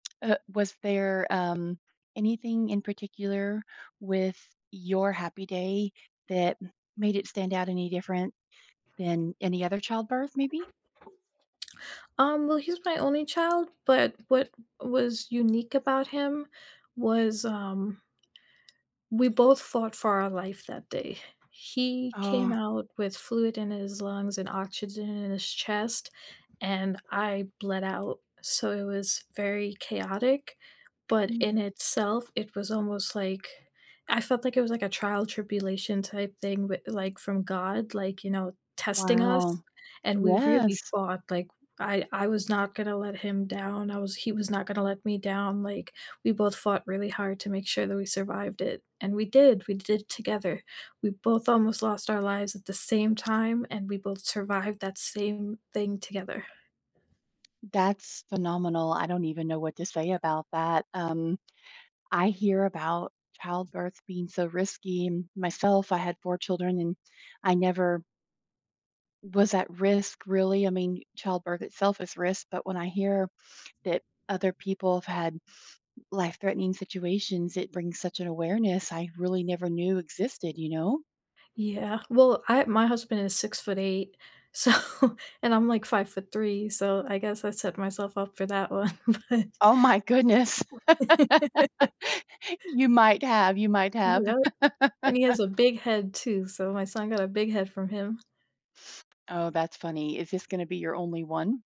Uh, was there, um, anything in particular with your Happy Day that made it stand out any different than any other childbirth, maybe? Um, well, he's my only child, but what was unique about him was, um we both fought for our life that day. He came Oh. out with fluid in his lungs and oxygen in his chest, and I bled out. So, it was very chaotic, but Mm. in itself, it was almost like I felt like it was, like, a trial tribulation type thing, but, like, from God, like, you know, testing us, Wow. and we really Yes. fought, like I I was not gonna let him down. I was he was not gonna let me down, like, we both fought really hard to make sure that we survived it. And we did, we did together. We both almost lost our lives at the same time, and we both survived that same thing together. That's phenomenal. I don't even know what to say about that. Um, I hear about childbirth being so risky. Myself, I had 4 children and I never was at risk, really. I mean, childbirth itself is risk, but when I hear that other people have had life-threatening situations, it brings such an awareness I really never knew existed, you know? Yeah. Well, I my husband is 6'8, so and I'm like 5'3 so I guess I set myself up for that one but Oh my goodness. W You might have, you might have. Yep, and he has a big head too, so my son got a big head from him. Oh, that's funny. Is this gonna be your only one?